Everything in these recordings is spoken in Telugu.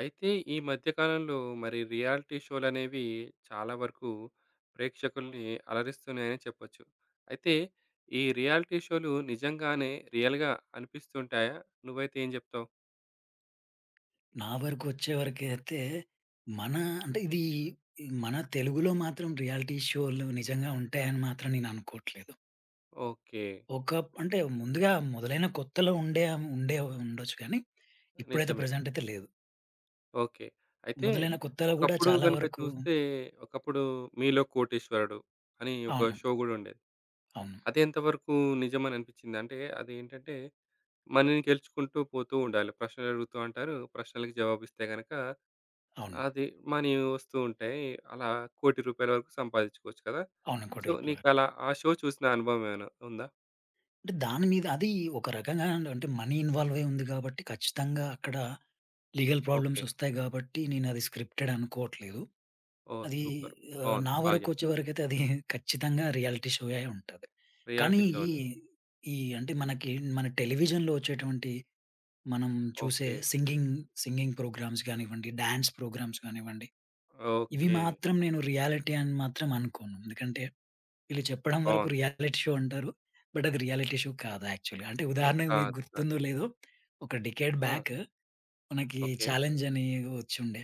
అయితే ఈ మధ్య కాలంలో మరి రియాలిటీ షోలనేవి చాలా వరకు ప్రేక్షకుల్ని అలరిస్తున్నాయని చెప్పొచ్చు. అయితే ఈ రియాలిటీ షో‌లు నిజంగానే రియల్‌గా అనిపిస్తుంటాయా? నువ్వైతే ఏం చెప్తావు? నా వరకు వచ్చేవరకైతే, మన అంటే ఇదీ, మన తెలుగులో మాత్రం రియాలిటీ షో‌లు నిజంగా ఉంటాయని మాత్రం నేను అనుకోట్లేదు. ఓకే. ఒక ప్ అంటే ముందుగా మొదలైన కొత్తలో ఉండే ఆహ్, హ్మ్. ఉండే ఉండొచ్చు కానీ, ఇప్పుడైతే నిజమే. ప్రెజెంటయితే లేదు. ఓకే. అయితే మొదలైన కొత్తలో కూడా ఒకప్పుడు చాలా గనుక వరకు చూస్తే, ఒకప్పుడు 'మీలో కోటీశ్వరుడు' అని ఒక అవును. షో గూడుండేది. అవును. అదెంతవరకు నిజమని అనిపిచ్చింది? అంటే అదేంటంటే మనీ‌ని గెలుచుకుంటూ పోతూ ఉండాలి. ప్రశ్నలడుగుతూ అంటారు. ప్రశ్నలకి జవాబిస్తే గనక అవును. అది మనీ వస్తూ ఉంటాయి. అలా 1,00,00,000 రూపాయలు వరకు సంపాదిచ్చుకోవచ్చు కదా! అవును. 1,00,00,000 సో రూపాయలు. నీకలా ఆ షో చూసిన అనుభవం ఏమైనా ఉందా? అంటే దాని మీద అది ఒక రకంగాండ్ అంటే మనీ ఇన్వాల్వ్ అయుంది కాబట్టి ఖచ్చితంగా అక్కడ లీగల్ ప్రాబ్లమ్స్ ఓకే. వస్తాయి గాబట్టి నేనది స్క్రిప్టెడ్ అనుకోవట్లేదు. ఓహ్! అది సూపర్ ఆహ్, బావుంది. నా బా వరకు చెప్పారు. వచ్చే వరకు అయితే అది ఖచ్చితంగా రియాలిటీ షో‌ అయుంటది. కానీ రియాలిటీ ఈ, షోని. ఈ అంటే మనకి మన టెలివిజన్‌లో వచ్చేటువంటి, మనం చూసే ఓకే. సింగింగ్, సింగింగ్ ప్రోగ్రామ్స్ గానివ్వండి, డాన్స్ ప్రోగ్రామ్స్ కానివ్వండి, ఇవి ఓకే. మాత్రం నేను రియాలిటీ అని మాత్రం అనుకోను. ఎందుకంటే వీళ్ళు చెప్పడం వరకు బావుంది. రియాలిటీ షో అంటారు. బట్ అది రియాలిటీ షో కాదు. యాక్చువల్‌గా. అంటే ఉదాహరణకి మీకు కాదు. కాదు. గుర్తుందో లేదో, ఒక డికేడ్ ఆ! బ్యాక్ మనకి ఓకే. 'చాలెంజ్' అని వచ్చిండే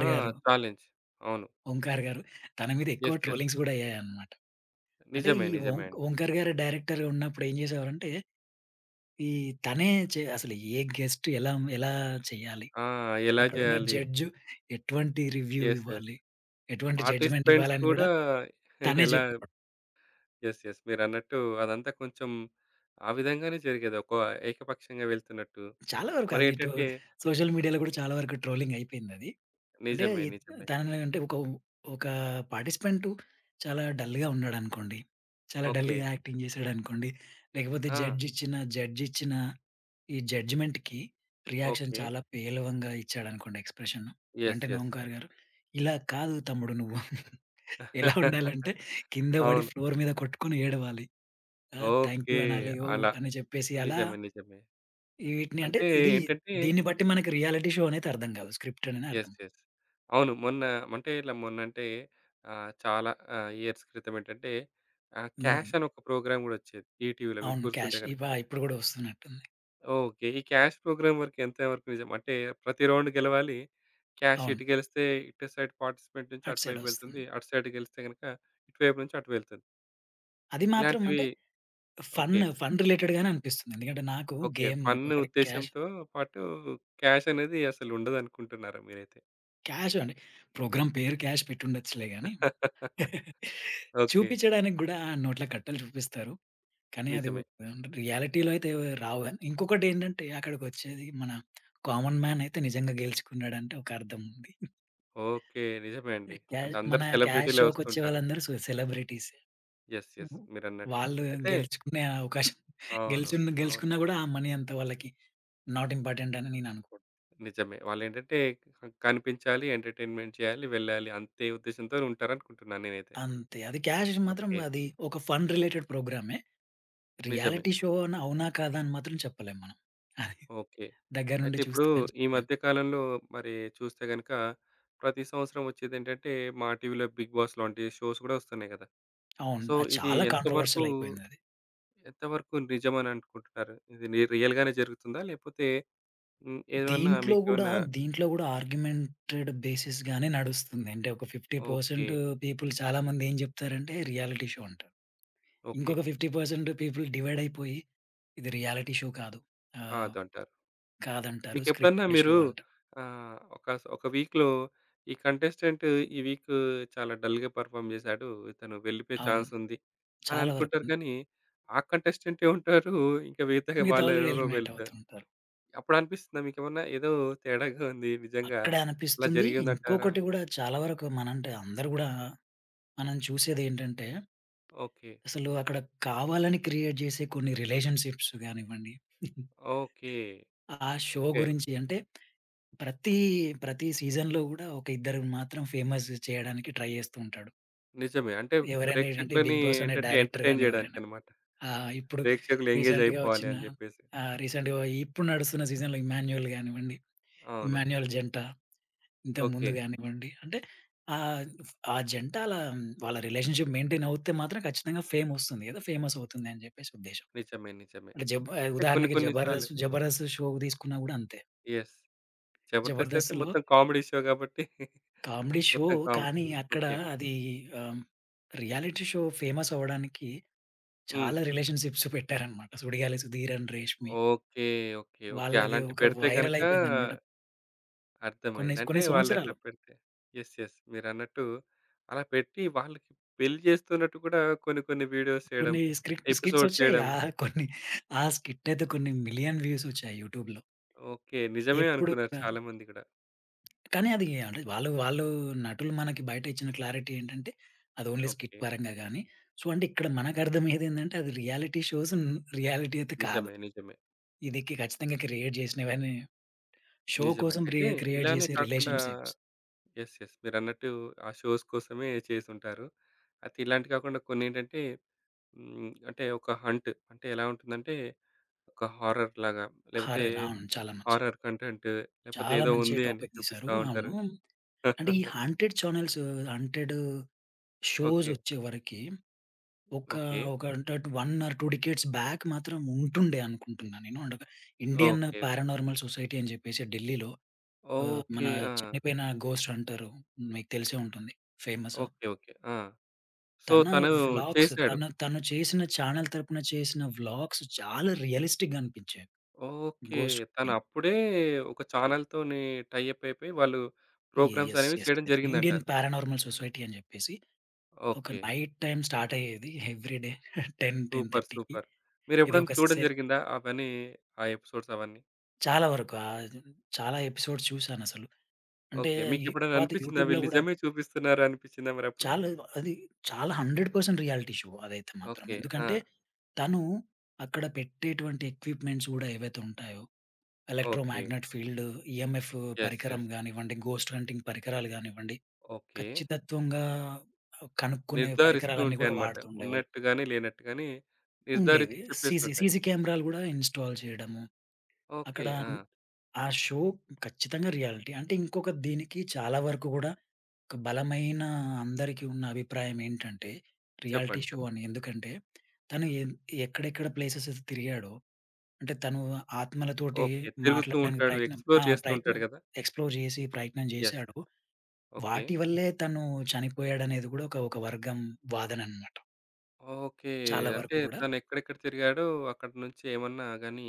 ఆ! గారు. చాలెంజ్, అవును. ఓంకార్ గారు తన మీదెక్కువ యెస్, యెస్. ట్రోలింగ్స్ గూడా అయ్యాయనమాట. అంటే నిజమే. ఈ ఓం నిజమే అండి. ఓంకార్ గారు డైరెక్టర్‌గా ఉన్నప్పుడు ఏం చేసేవారంటే. ఈ తనే చే అసలు ఏ గెస్ట్ ఎలాం ఎలా చెయ్యాలి, ఆ! ఎలా అక్కడున్న జేయాలి? జడ్జు ఎటువంటి రివ్యూ యెస్, యెస్ ఇవ్వాలి, ఎటువంటి పార్టిసిపెంట్స్ జడ్జ్‌మెంటివ్వాలని గూడా కూడా తనే ఎలా చెప్పేవాడు. యెస్ యెస్, మీరన్నట్టు అదంతా కొంచెం ఆ విధంగానే జరిగేదోక ఏకపక్షంగా వెళ్తున్నట్టు చాలా వరకు అది ఇటు మరేంటంటే సోషల్ మీడియాలో గూడా చాలా వరకు ట్రోలింగయిపోయిందది. అంటే నిజమే. నిజమే. తను అంటే ఒక వ్ ఒక పార్టిసిపెంటు చాలా డల్లుగా ఉన్నాడనుకోండి, చాలా ఓకే. డల్లుగా యాక్టింగ్ జేసాడనుకోండి, లేకపోతే ఆ! జడ్జ్ ఇచ్చిన జడ్జ్ ఇచ్చిన ఈ జడ్జిమెంట్‌కి రియాక్షన్ ఓకే. చాలా పేలవంగా ఇచ్చాడనుకోండి ఎక్స్ప్రెషన్ యెస్ వెంటనే యెస్. ఓంకార్ గారు "ఇలా కాదు తమ్ముడు నువ్వు, ఎలా ఉండాలంటే కింద పడి అవును. ఫ్లోర్ మీద కొట్టుకుని ఏడవాలి, ఆహ్ థాంక్ ఓకే. యూ అనాలి" ఏవో అలా. అని చెప్పేసి అలా నిజమే నిజమే. ఈ వీటిని అంటే అంటే ఇదీ ఏంటంటే దీన్ని బట్టి మనకి రియాలిటీ షో అనయితే అర్థం కాదు స్క్రిప్ట్ అననే అర్థం. Yes yes. అవును. మొన్న మంటే ఇలా మొన్నంటే ఆహ్, చాలా ఆహ్, ఇయర్స్ క్రితం ఏంటంటే ఆహ్, హ్మ్. 'క్యాష్' అని ఒక ప్రోగ్రామ్ గూడొచ్చేది. ఈటీవీ‌లో మీకు అవును. గుర్తుంటే 'క్యాష్' ఇప గనక. ఇప్పుడు కూడా వస్తున్నట్టుంది. ఓకే. ఈ 'క్యాష్' ప్రోగ్రామ్ వరకు ఎంతవరకు నిజం? అంటే, ప్రతి రౌండ్ గెలవాలి. క్యాష్ అవును. ఇటు గెలిస్తే, ఇటు సైడ్ పార్టిసిపెంట్ నుంచి అటు అటువైపు సైడొస్తుంది. వెళ్తుంది, అటు సైడ్ గెలిస్తే, గనక ఇటువైపు నుంచి అటు వెళ్తుంది. అది మాత్రం ఇలాంటివి అంటే, ఫన్ ఓకే. చెప్ ఫన్ రిలేటెడ్ గానే అనిపిస్తుంది. ఎందుకంటే నాకు ఓకే. గేమ్ ఫన్ను అక్కడ క్యాష్ ఉద్దేశంతో పాటు క్యాష్ అనేది అసలు ఉండదు అనుకుంటున్నారా మీరైతే? క్యాషు అండి. ప్రోగ్రామ్ పేరు 'క్యాష్' పెట్టి ఉండొచ్చులే గాని, ఓకే. చూపించడానికి కూడా నోట్ల కట్టలు చూపిస్తారు. కానీ, అది నిజమే. వెండ్ రియాలిటీ‌లో అయితే రావు గాని, ఇంకొకటి ఏంటంటే అక్కడికొచ్చేది మన కామన్ మాన్ అయితే నిజంగా గెలుచుకున్నాడు అంటే ఒక అర్థముంది. ఓకే. నిజమే అండి. ఎ అంటే ఎల్ అందరూ మన 'క్యాష్' సెలబ్రిటీ‌లే షో‌కొచ్చే వస్తుంటారు. వాళ్ళందరూ సొ సెలబ్రిటీసే. యెస్. యెస్. హుహు. మీరన్నట్టు. వాళ్ళు అయితే గెలుచుకునే అవకాశం అవును. గెలిచున్న అవును. గెలుచుకున్నా కూడా, ఆ మనీ అంత వాళ్ళకి, నాట్ ఇంపార్టెంట్ అని నేను అనుకో నిజమే. వాళ్ళు ఏంటంటే కనిపించాలి, ఎంటర్‌టైన్‌మెంట్ చేయాలి, వెళ్ళాలి అంతే ఉద్దేశ్యంతో ఉంటారనుకుంటున్నా నేనైతే. అంతే. అది 'క్యాష్‌ది' మాత్రం ఓకే. అది ఒక ఫన్ రిలేటెడ్ ప్రోగ్రామే. నిజమే. రియాలిటీ షోనా, అవునా, కాదా అని మాత్రం చెప్పలేం మనం. అది. ఓకే. దగ్గర అయితే నుండి ఇప్పుడు చూస్తే గాని ఈ చెప్పలేం. మధ్య కాలంలో మరి చూస్తే గనుక, ప్రతి సంవత్సరం వచ్చేది ఏంటంటే మా టీవీ‌లో బిగ్ బాస్ లాంటి షోస్ కూడా వస్తున్నాయి కదా! అవును. సో, అది ఇది చాలా ఎంతవరకు కాంట్రోవర్షియలైపోయిందది. ఎంతవరకు నిజమని అనుకుంటున్నారు? ఇది ని రియల్ గానే జరుగుతుందా? లేకపోతే హ్మ్, ఏమన్నా దీంట్లో గూడా, మీకేమన్నా దీంట్లో గూడా ఆర్గ్యుమెంటెడ్ బేసిస్‌గానే నడుస్తుంది. అంటే, ఒక 50% ఓకే. పీపుల్ చాలామంది ఏం చెప్తారంటే, రియాలిటీ షో అంటారు. ఓకే. ఇంకొక 50% పీపుల్ డివైడైపోయి ఇది రియాలిటీ షో కాదు ఆహ్, కాదు అంటారు. కాదంటారు. మీకెప్పుడన్నా స్క్రిప్ట్‌టెడ్ షో మీరు అంటారు. ఆహ్, ఒక స్ ఒక వీక్‌‌లో ఈ కంటెస్టెంటు ఈ వీకూ చాలా డల్‌గా పెర్ఫార్మ్ చేసాడు. ఇతను వెళ్ళిపోయే అవును. చాన్స్ ఉంది అని చాలా వరకు. అనుకుంటారు గానీ, ఆ కంటెస్టెంట్టే ఉంటారు. ఇంకా మిగతా మిగతా వాళ్ళు వాళ్ళు ఎవరో ఎలిమినేట్ వెళ్తారు. అవుతూంటారు. అప్పుడు అనిపిస్తుందా మీకేమన్నా ఏదో తేడాగా ఉంది నిజంగా అక్కడ ఇలా అనిపిస్తుంది. జరిగింది అంటారా? ఇంకొకటి కూడా చాలా వరకు మన అంటే, అందరూ కూడా మనం చూసేది ఏంటంటే, ఓకే. అసలు అక్కడ కావాలని క్రియేట్ జేసే కొన్ని రిలేషన్‌షిప్స్ గానివ్వండి. ఓకే. ఆ షో ఓకే. గురించి అంటే, ప్రతి, ప్రతి సీజన్‌లో గూడా ఒక ఇద్దరని మాత్రం ఫేమస్ చేయడానికి ట్రై చేస్తూ ఉంటాడు. నిజమే. అంటే ఎవరైనా ఏంటంటే, ఈ ప్రేక్షకులని బిగ్ బాస్ అనే ఎంటర్‌టైన్‌, డైరెక్టర్ ఎంటర్‌టైన్‌ గాని ఎవరైనా. చేయడానికన్నమాట. ఆ! ఇప్పుడు ప్రేక్షకులు ఎంగేజ్ రీసెంట్‌గా అయిపోవాలి వచ్చిన అని జెప్పేసి. ఆహ్, రీసెంట్‌గా ఇప్పుడు నడుస్తున్న సీజన్‌లో ఇమ్మాన్యుయల్ గానివ్వండి, అవును. ఇమ్మాన్యుయల్ జంట. ఇంతకుముందు ఓకే. గానివ్వండి అంటే, ఆద్ ఆ జంటా అలా వాళ్ళ రిలేషన్షిప్ మెయింటైన్ అవుతే మాత్రం ఖచ్చితంగా ఫేమొస్తుంది కదా! ఫేమస్ అవుతుందని చెప్పేసి ఉద్దేశ్యం. నిజమే. నిజమే. అంటే జబ్ ఆహ్, అంటే కొన్ని, ఉదాహరణకి కొన్ని సార్లు జబర్దస్త్ జబర్దస్త్ షో తీసుకున్న కూడా అంతే. యెస్. జబర్దస్త్ అయితే, జబర్దస్త్‌లో మొత్తం కామెడీ షో కాబట్టి కామెడీ షో. మొత్తం కామెడీ కానీ, అక్కడ ఓకే. అది ఆహ్, రియాలిటీ షో ఫేమస్సవ్వడానికి హ్మ్. చాలా రిలేషన్‌షిప్స్ పెట్టారన్నమాట. Sudigali Sudheer and Reshmi. Okay. Okay. Okay. వాళ్ళది అలాంటివి ఒక పెడితే గనక వైరలైపెయిందన్నమాట. కొన్ని అర్థమైంది. అంటే కొన్ని వాళ్ళు ఎట్లా సంవత్సరాలు. పెడితే యెస్. యెస్ మీరన్నట్టు అలా పెట్టి, వాళ్ళకి పెళ్లి చేస్తున్నట్టు కూడా కొన్ని, కొన్ని వీడియోస్ చేయడం, కొన్ని స్కిట్ ఎపిసోడ్ స్కిట్సొచ్చాయి. చేయడం. కొన్ని ఆ స్కిట్టయితే, కొన్ని మిలియన్ వ్యూసొచ్చాయి యూట్యూబ్‌లో. ఓకే. నిజమే ఎప్పుడు అనుకున్నారు పెం చాలా మంది కూడా. కానీ, అది అంటే, వాళ్ళు వాళ్ళు నటులు మనకి బయటిచ్చిన క్లారిటీ ఏంటంటే, అది ఓన్లీ స్కిట్ ఓకే. పరంగా గాని సొ ఇక్కడ మనకు అర్థం అయ్యేది ఏంటంటే, అది రియాలిటీ షోస్ రియాలిటీ అయితే కాదు. నిజమే. నిజమే. ఇది కి ఖచ్చితంగా క్రియేట్ చేసినవన్నీ షో నిజమే. కోసం రీ అయితే క్రియేట్ ఇలానే చేసే కాకుండా రిలేషన్‌షిప్స్. యెస్. యెస్ మీరన్నట్టు ఆ షోస్ కోసమే చేసుంటారు. అయితే ఇలాంటివి కాకుండా కొన్ని ఏంటంటే, హ్మ్, అంటే ఒక హంట్ అంటే, ఎలా ఉంటుందంటే ఒక హారర్ లాగా, లేపోతే హారర్ అవును. చాలా మంచిది. హారర్ కంటెంట్ లేపోతే చాలా ఏదో మంచి ఉంది అని టాపిక్ తీసారు. చూపిస్తా ఉంటారు. అవును. అంటే, ఈ హంటెడ్ చానెల్స్ హంటెడ్ ఓకే. షోసొచ్చేవరకి, ఒక ఓకే. ఒక అనటడ్ 1 ఆర్ 2 డికేడ్స్ బాక్ మాత్రం ఉంటుండే అనుకుంటున్నా నేను. అంటే ఒక, ఇండియన్ ఓకే. పారానార్మల్ సొసైటీ అని జేప్పేసి ఢిల్లీలో. ఆహ్, మన ఓకే. ఆ! చనిపోయిన ఘోస్ట్ హంటరు. మీకు తెలిసే ఉంటుంది. ఫేమసు. ఓకే. ఓకే. ఆ! సో, తన తను వ్లాగ్స్ చేసాడు. తన తన చేసిన చానెల్ తరపున చేసిన వ్లాగ్స్ చాలా రియలిస్టిక్‌గా అనిపించాయి. ఓకే. ఘోస్ట్ తను కింగ్. అప్పుడే ఒక చానెల్ తోని టై అప్ అయిపోయి వాళ్ళు యె ప్రోగ్రామ్స్ యెస్. అనేవి యెస్. చేయడం జరిగింది ఇండియన్ అంటారు. పారానార్మల్ సొసైటీ అని చెప్పేసి, ఒక ఓకే. నైట్ టైమ్ స్టార్ట్ అయ్యేది every day ten ten super, థర్టీ‌కి సూపర్ ఇది మీరెప్పుడైనా ఒక చూడడం సే జరిగిందా అవన్నీ? ఆ ఎపిసోడ్స్ అవన్నీ. చాలా వరకు ఆహ్, జూ చాలా ఎపిసోడ్స్ చూశానసలు. అంటే, ఓకే. ఈ మీకెప్పుడైనా వాతి అనిపిచ్చిందా? యూట్యూబ్‌లో వీళ్ళు గూడా నిజమే చూపిస్తున్నారు అనిపిచ్చిందా మరప్పుడు? చాలేవో, అది చాలా 100% రియాలిటీ షో అదైతే మాత్రం. ఓకే. ఎందుకంటే, ఆ! తనూ అక్కడ పెట్టేటువంటి ఎక్విప్‌మెంట్స్ గూడా ఏవైతే ఉంటాయో, okay. Electromagnet field, EMF yes. Yes. పరికరం గానివ్వండి, ఘోస్ట్ హంటింగ్ పరికరాలు గానివ్వండి, ఓకే. ఖచ్చితత్వంగా ఆహ్, కనుక్కునే నిర్ధారిస్తూ పరికరాలన్నీ గూడా ఉంటాయనమాట. వాడుతూ ఉండేవాళ్ళు. ఉన్నట్టు గానీ, లేనట్టు గానీ, ఉండేవి నిర్ధారించి సీసీ చెప్పేస్తుంటాయి. సీసీ కేమెరాలు గూడా ఇన్‌స్టాల్ చెయడము. ఓకే. అక్కడా న్ ఆ! ఆ షో ఖచ్చితంగా రియాలిటీ. అంటే, ఇంకొక దీనికి చాలా వరకు గూడా ఒక బలమైనా అందరికీ ఉన్న అభిప్రాయమేంటంటే, రియాలిటీ చెప్పండి. షో చెప్పండి. అని. ఎందుకంటే, తను ఎన్ ఎక్కడెక్కడ ప్లేసెసెస్ తిరిగాడో, అంటే, తనూ ఆత్మలతోటి ఓకే. తిరుగుతూ మాట్లాడడానికి ఉంటాడు, ప్రయత్నం ఎక్స్‌ప్లోర్ ఆ! చేస్తూ ఉంటాడు ప్రయత్నం గదా? ఎక్స్‌ప్లోర్ జేసి, ప్రయత్నం యెస్. జేశాడో, ఓకే. వాటి వల్లే తనూ చనిపోయాడనేది గూడా ఒక ఒక వర్గం వాదననమాట. ఓకే. చాలా వరకు అంటే, గూడా. తనెక్కడెక్కడ తిరిగాడో అక్కడ నుంచేమన్నా గానీ,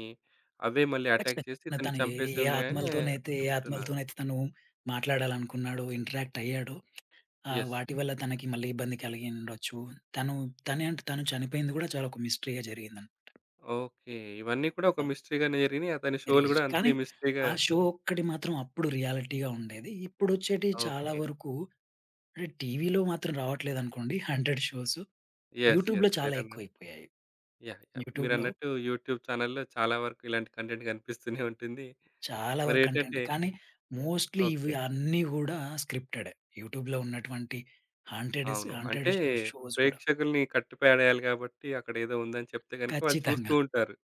అవే మళ్ళీ ఎటాక్ ఖచ్చితంగా. చేసి, న ఇతన్ని తను ఏ చంపేసే ఏ ఉన్నాయని ఆత్మలతోనైతే, ఏ అంటున్నారు. ఆత్మలతోనైతే తను మాట్లాడాలనుకున్నాడో ఇంటరాక్టయ్యాడో, ఆహ్, యెస్. వాటి వల్ల తనకి మళ్ళీ ఇబ్బంది కలిగి ఉండొచ్చు. తను, తనేంటి తను చనిపోయింది గూడా చాలా ఒక మిస్టరీ‌గా జరిగిందంట. ఓకే. ఇవన్నీ కూడా ఒక ఆ! మిస్టరీగానే జరిగినియి. అతని షోలు రియజ్, గూడా అంతే కానీ మిస్టరీగా ఆ షో ఒక్కటి మాత్రం అప్పుడు రియాలిటీగా ఉండేది. ఇప్పుడొచ్చేటియి చాలా ఓకే. వరుకూ అంటే, టీవీలో మాత్రం రావట్లేదనుకోండి, హన్‌టెడ్ షోసు. యెస్, యూట్యూబ్‌లో యెస్. చాలా మీరన్న ఎక్కువైపోయాయి. యాహ్! యాహ్! యూట్యూబ్‌లో మీరన్నట్టూ యూట్యూబ్ ఛానెల్‌లో చాలా వరకు ఇలాంటి కంటెంట్ గనిపిస్తూనే ఉంటుంది. చాలా వరకు కంటెంటే, మరేంటంటే కానీ మోస్ట్‌లీ ఇవి ఓకే. అన్నీ గూడా స్క్రిప్టెడే. యూట్యూబ్‌లో ఉన్నటువంటి హాంటెడెస్ అవును. హాంటెడ్ అంటే, ష్ షోస్ గూడా. ప్రేక్షకులని కట్టిపడేయాలి గాబట్టీ, అక్కడేదో ఉందని చెప్తే గనక వాళ్ళు చూస్తూ ఖచ్చితంగా. ఉంటారు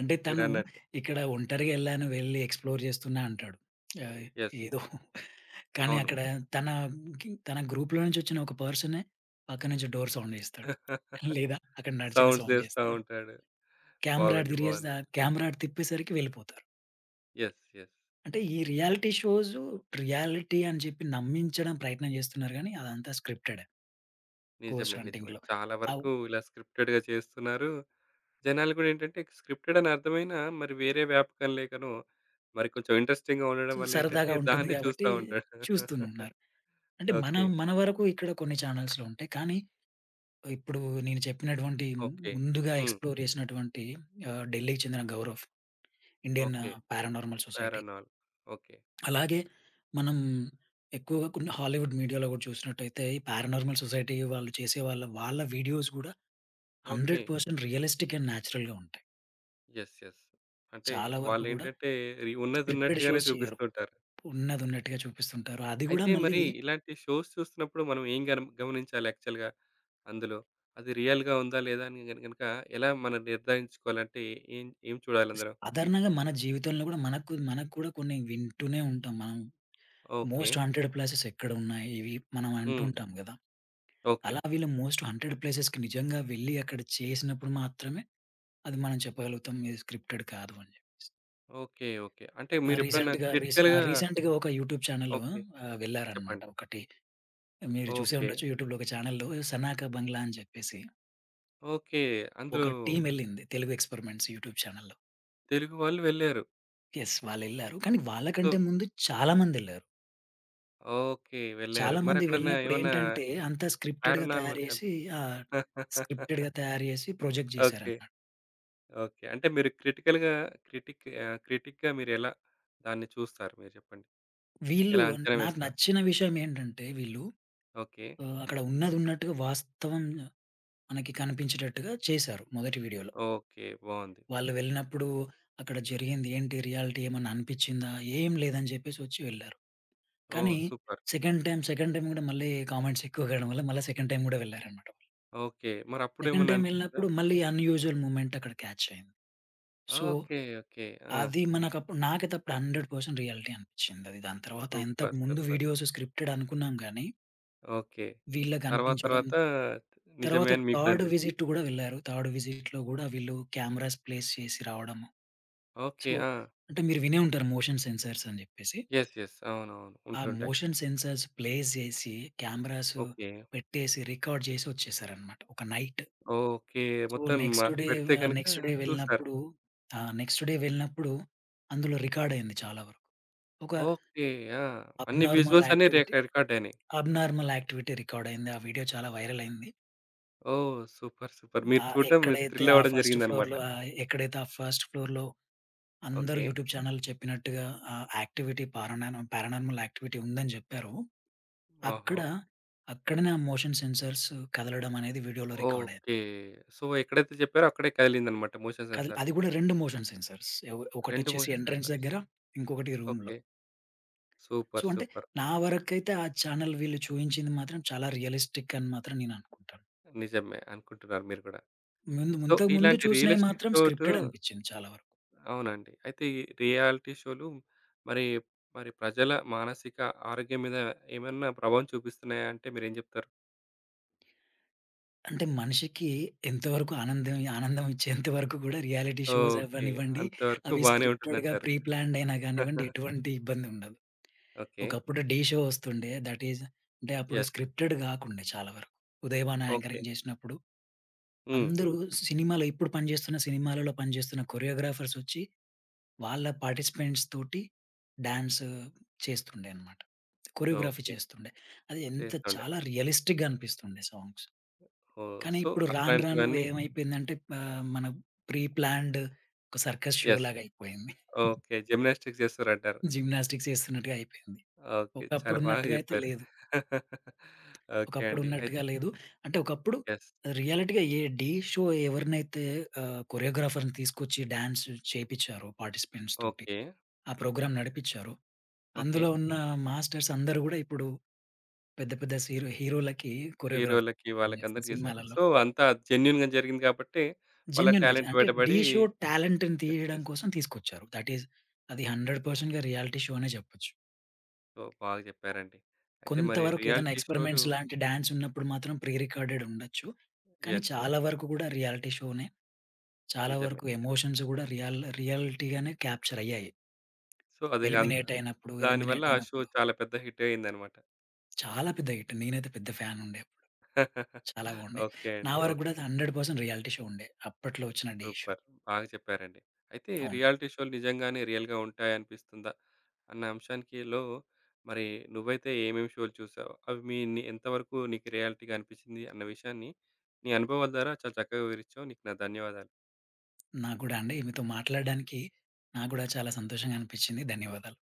అంటే, తనూ మీరన్నట్టు. ఇక్కడ ఒంటరిగెళ్ళాను, వెళ్లి ఎక్స్‌ప్లోర్ జేస్తున్నా అంటాడు. ఆహ్, యెస్. ఏదో. కానీ అవును. అక్కడా తనా తన గ్రూప్‌లో నుంచొచ్చిన ఒక పర్సనే పక్కనుంచి డోర్ సౌండ్ జేస్తాడు. లేదా అక్కడ నడిచిన సౌండ్స్ సౌండ్ జేస్తా జేస్తాడు. ఉంటాడు. కేమెరా అటు బాగుంది. బావుంది. దిరిగేసా కేమెరా అటు తిప్పేసరికి వెళ్ళిపోతారు. యెస్. యెస్. అంటే, ఈ రియాలిటీ షోజు, రియాలిటీ అని జెప్పి నమ్మించడం ప్రయత్నం జేస్తున్నారు గానీ, అదంతా స్క్రిప్టెడే. ఘోస్ట్ నిజమే. నిజమే. హంటింగ్‌లో. చాలా అవు వరకూ ఇలా స్క్రిప్టెడ్‌గా చేస్తున్నారు. జనాలుకు గూడా ఏంటంటే, ఇక స్క్రిప్టెడనర్థమయినా, మరి వేరే వ్యాపకం లేకనో, మరి కొంచెం ఇంట్రెస్టింగ్‌గా ఉండడం చు వల్లేంటంటే, సరదాగా ఉంటుంది దాన్నే గాబట్టీ, చూస్తా ఉంటాడు. చూస్తునున్నారు. అంటే ఓకే. మనం మన వరకు ఇక్కడ కొన్ని ఛానల్స్‌లో ఉంటాయి. కానీ ఆహ్, ఇప్పుడూ నేను చెప్పినటువంటీ ఓకే. ముందుగా హ్మ్. ఎక్స్‌ప్లోర్ జేషినటువంటీ ఆహ్, ఢిల్లీకి చెందిన Gaurav, Indian okay. Paranormal society. Paranormal. Okay. అలాగే మనం ఎక్కువగా కొన్ని హాలీవుడ్ మీడియా‌లో గూడా చూషినట్టయితే, ఈ పారానార్మల్ సొసైటీ వాళ్ళు చేసే వాళ్ళ వాళ్ళ వీడియోస్ గూడా ఓకే. 100% రియలిస్టిక్ అండ్ న్యాచురల్‌గా ఉంటాయి. Yes, yes. అంటే చాలా వరకు కూడా వాళ్లేంటంటే రీ ఉన్నది స్క్రిప్టెడ్ ఉన్నట్టుగానే షోస్ చెయ్యరు. చూపిస్తుంటారు. ఉన్నది ఉన్నట్టుగా చూపిస్తుంటారు. అది కూడా అయితే మళ్ళీ మరి ఇలాంటి షోస్ చూస్తున్నప్పుడు మనం ఏం గన గమనించాలి యాక్చువల్‌గా అందులో? అది రియల్‌గా ఉందా లేదా అని గనక ఎలా మనం నిర్ధారించుకోవాలంటే ఏం, ఏం చూడాలి అందలో? సాధారణంగా మన జీవితంలో కూడా మనకు మనకు కూడా కొన్ని వింటూనే ఉంటాం. మనం ఓకే. మోస్ట్ హాంటెడ్ ప్లేసెస్ ఎక్కడున్నాయి ఇవి మనం అంటూ హ్మ్. ఉంటాం కదా. ఓకే. అలా వీళ్ళు మోస్ట్ హాంటెడ్ ప్లేసెస్‌కి నిజంగా వెళ్లి అక్కడ చేసినప్పుడు మాత్రమే అది మనం చెప్పగలుగుతాం, ఇది స్క్రిప్టెడ్ కాదు అని చెప్పేసి. Okay, okay. అంటే ఆ! మీరెప్పుడైనా రీసెంట్‌గా రీస్ ఆ! క్రిటికల్‌గా రీసెంట్‌గా ఒక యూట్యూబ్ చానెల్ ఓకే. ఆహ్, వెళ్లారన్నమాట చెప్పండి. ఒకటి. మీరు చూసే ఓకే. ఉండొచ్చు యూట్యూబ్‌లో ఒక చానెల్‌లో 'సనాక బంగ్లా' అని చెప్పేసి ఓకే. అందులో ఒక టీమ్ ఎళ్లింది తెలుగు ఎక్స్పెరిమెంట్స్ యూట్యూబ్ చానెల్‌లో. తెలుగు వాళ్ళు వెళ్లారు. యెస్ వాళ్ళేళ్లారు. కానీ సొ వాళ్ళకంటే ముందు చాలా మందెళ్లారు. ఓకే. వెళ్లారు. చాలా మంది మరక్కడన్నా వెళ్ళినప్పుడు ఏమన్నా ఏంటంటే అంతా స్క్రిప్టెడ్‌గా తయారు పారానార్మల్ చేసి, కనిపించ ఆహ్, స్క్రిప్టెడ్‌గా తయారు చేసి ప్రొజెక్ట్ ఓకే, చేసారన్నమాట. ఓకే. అంటే మీరు క్రిటికల్‌గా క్రిటిక్ ఆహ్, క్రిటిక్‌గా మీరు ఎలా దాన్ని చూస్తారు మీరు చెప్పండి. వీళ్ళు ఎలా అంచనా నాకు వేస్తారు? నచ్చిన విషయం ఏంటంటే వీళ్ళు ఓకే. ఆహ్, అక్కడ ఉన్నది ఉన్నట్టుగా వాస్తవం మనకి కనిపించేటట్టుగా చేసారు మొదటి వీడియోలో. ఓకే, బావుంది. వాళ్ళు వెళ్ళినప్పుడు అక్కడ జరిగింది ఏంటి? రియాలిటీ ఏమన్నా అనిపించిందా? ఏమి లేదని చెప్పేసి వచ్చి వెళ్లారు. ఓహ్! కానీ super. Second time, second time కూడా మళ్ళీ కామెంట్స్ ఎక్కువ కావడం వల్ల మళ్ళీ సెకండ్ టైమ్ కూడా వెళ్లారన్నమాట. ఓకే. సెకండ్ మరప్పుడేమన్నా టైమ్ అనిపించిందా? వెళ్ళినప్పుడు మళ్ళీ అన్యూజువల్ మొమెంట్ అక్కడ క్యాచ్ అయింది. So, okay, okay. ఆ! అది మనకప్పు నాకైతే అప్పుడు 100% రియాలిటీ అనిపించింది. దాని తర్వాత ఇంతకు సూపర్, ముందు సూపర్. వీడియోస్ స్క్రిప్టెడ్ అనుకున్నాం గాని ఓకే. వీళ్ళకి తరువాత అనిపించడం. తరువాత నిజమే తర్వాత అని మీకు కూడా థర్డ్ అనిపిచింది. విసిట్ కూడా వెళ్లారు. థర్డ్ విసిట్‌లో కూడా వీళ్ళు కెమెరాస్ ప్లేస్ చేసి రావడము. ఓకే. సో, ఆ! అంటే మీరు వినే ఉంటారు మోషన్ సెన్సార్స్ అని చెప్పేసి. Yes, yes. అవునవును ఆ ఉంటుంటాయి. మోషన్ సెన్సార్స్ ప్లేస్ చేసి కెమెరాస్ ఓకే. పెట్టేసి రికార్డ్ చేసి వచ్చేసారు అన్నమాట ఒక నైట్. ఓకే. సో, మొత్తం మ నెక్స్ట్ డే పెడితే ఆహ్, కనుక నెక్స్ట్ డే చూసారు. వెళ్ళినప్పుడు, ఆహ్, నెక్స్ట్ డే వెళ్ళినప్పుడు అందులో రికార్డ్ అయింది. చాలా వరకు ఒక ఓకే. ఆ! అన్ని అబ్నార్మల్ విజువల్స్ అన్ని రేక యాక్టివిటీ, రికార్డ్ అయినాయి. అబ్నార్మల్ యాక్టివిటీ రికార్డ్ అయింది. ఆ వీడియో చాలా వైరల్ అయింది. ఓహ్! సూపర్, వు సూపర్ మీరు ఆ చూడడం, మీరు ఎక్కడైతే ఆ థ్రిలవ్వడం ఫస్ట్ జరిగిందన్నమాట. ఫ్లోర్‌లో ఆహ్, ఎక్కడైతే ఆ ఫస్ట్ ఫ్లోర్‌లో అందరు ఓకే. యూట్యూబ్ చానెల్ చెప్పినట్టుగా ఆ యాక్టివిటీ పారానార్మ పారానార్మల్ యాక్టివిటీ ఉందని జెప్పారో, అక్కడ ఓహో! అక్కడనే ఆ మోషన్ సెన్సార్స్ కదలడమనేది వీడియో‌లో రికార్డయింది. ఓకే. సో, ఎక్కడైతే జెప్పారో అక్కడే కదిలిందన్నమాట మోషన్ కల్ సెన్సార్. అది కూడా రెండు మోషన్ సెన్సార్స్ ఏవ్ 2 ఒకటోచ్చేసి మోషన్ ఎంట్రెన్స్ సెన్సార్స్. దగ్గర ఇంకొకటి రూమ్‌లో. ఓకే. సో, సూపర్, అంటే సూపర్. నా వరకైతే ఆ చానెల్ వీళ్ళు చూయించింది మాత్రం చాలా రియలిస్టిక్ అని మాత్రం నేను అనుకుంటాను. నిజమే అనుకుంటున్నారు మీరు గూడా. ముందు ముం సో, ఇంతకు ముందు ఇలాంటి చూసినయి రియలిస్టిక్ మాత్రం ఘాట్ స్క్రిప్టెడ్ అనిపిచ్చింది చాలా వరకు. అవునండి. అయితే ఈ రియాలిటీ షోలు మరి, మరి ప్రజల మానసిక ఆరోగ్యం మీద ఏమైనా ప్రభావం చూపిస్తున్నాయాంటే మీరేం జెప్తారు? అంటే, మనిషికి ఎంతవరకు ఆనందం ఆనందమిచ్చేంత వరకు కూడా రియాలిటీ షోస్ ఓకే. అవ్వనివ్వండి అంతవరకు అవి బానే స్క్రిప్టెడ్‌గా ఉంటుందంటారు. ప్రి ప్లాన్డ్ అయినా గానివ్వండి, ఎటువంటి ఇబ్బందుండదు. ఓకే. ఒకప్పుడు 'ఢీ' షో వస్తుండే థటీజ్ అంటే, అప్పుడు యెస్. స్క్రిప్టెడ్ గాకుండే చాలా వరకు. ఉదయబాను ఓకే. యాంకరింగ్ జేసినప్పుడు హ్మ్. అందరూ సినిమాలో ఇప్పుడు పనిచేస్తున్న సినిమాలలో పనిచేస్తున్న కొరియోగ్రాఫర్సొచ్చి వాళ్ళ పార్టిసిపెంట్స్‌తోటి డాన్స్ చేస్తుండే అన్నమాట కొరియోగ్రఫీ ఓకే. చేస్తుండే. అది ఎంత చేస్తుండే. చాలా రియలిస్టిక్‌గా అనిపిస్తుండే సాంగ్స్ ఓహ్! కానీ సో, ఇప్పుడు రాను రాను అట్లాంటివన్నీ ఏమైపేందంటే పా మన ప్రి ప్లాన్డ్ ఒక సర్కస్ యెస్. షో‌లాగాయిపోయింది. ఓకే. జిమ్నాస్టిక్స్ జేస్తరంటారు. జిమ్నాస్టిక్స్ చేస్తున్నట్టుగయిపోయింది. ఓకే. చాలా ఒకప్పుడు బాగా ఉన్నట్టుగా అయితే చెప్పారు. లేదు. ఓకే ఒకప్పుడు అండి. అయి ఉన్నట్టుగా లేదు. అంటే, ఒకప్పుడు యెస్. రియాలిటీ‌గా ఏ 'ఢీ' షో ఎవరినైతే ఆహ్, కొరియోగ్రాఫర్‌ని తీసుకొచ్చి డాన్స్ చేపిచ్చారో పార్టిసిపెంట్స్ తోటి ఓకే. ఆ ప్రోగ్రామ్ నడిపిచ్చారో, ఓకే. అందులో ఉన్న మాస్టర్సందరూ గూడా ఇప్పుడు పెద్ద పెద్ద సిరో హీరో‌లకి కొరియోగ్రాఫర్ హీరో‌లకి పనిచేస్తునారు వాళ్ళకందరికి చేసారు. సినిమాలల్లో. సో, అంతా జెన్యూన్‌గా జరిగింది కాబట్టి వాళ్ళ జెన్యూన్‌గా జా టాలెంట్ అంటే 'డి' బయటపడి షో టాలెంట్‌ని యెస్. తీయడం యెస్. కోసం తీసుకొచ్చారు. దటీస్ అది 100% పర్సెంట్‌గా రియాలిటీ షో అనే జెప్పొచ్చు. ఓహ్! బాగ చెప్పారండి. అయితే కొంత మరి వరకు ఏదన్న రియాలిటీ షో‌లు ఎక్స్పెరిమెంట్స్ లాంటి డాన్స్ ఉన్నప్పుడు మాత్రం ప్రి రికార్డెడ్ ఉండొచ్చు. కానీ, యెస్. చాలా యెస్. వరకు కూడా రియాలిటీ షో‌నే. చాలా నిజమే. వరకు నిజమే. ఎమోషన్స్ కూడా రియల్ రియాలిటీ‌గానే క్యాప్చర్ అయ్యాయి. సో, అదిగం ఎలిమినేట్ అయినప్పుడు దానివల్ల ఎలిమినేట్ ఆ షో అయినప్పుడు చాలా పెద్ద హిట్ అయిందన్నమాట. చాలా పెద్ద హిట్ నేనైతే పెద్ద ఫ్యానుండే అప్పుడు. చాలా బావుండే. ఓకే. నా అండి వరకు కూడా ఓకే. అది 100% రియాలిటీ షో ఉండే అప్పట్లో వచ్చిన 'ఢీ' షో. సూపర్ బాగా చెప్పారండి. అయితే అవును. రియాలిటీ షో‌లు నిజంగానే రియల్‌గా ఉంటాయనిపిస్తుందా? అన్న అంశానికి‌లో మరి నువ్వైతే ఏమేమి షో‌లు చూసావు? అవి మి ని ఎంతవరకు నీకు రియాలిటీ‌గా అనిపిచ్చింది? అన్న విషయాన్ని నీ అనుభవాల ద్వారా చాలా చక్కగా వివరిచ్చావు. నీకు నా ధన్యవాదాలు. నాకు గూడా అండి. మీతో మాట్లాడడానికి నాకు గూడా చాలా సంతోషంగా అనిపిచ్చింది. ధన్యవాదాలు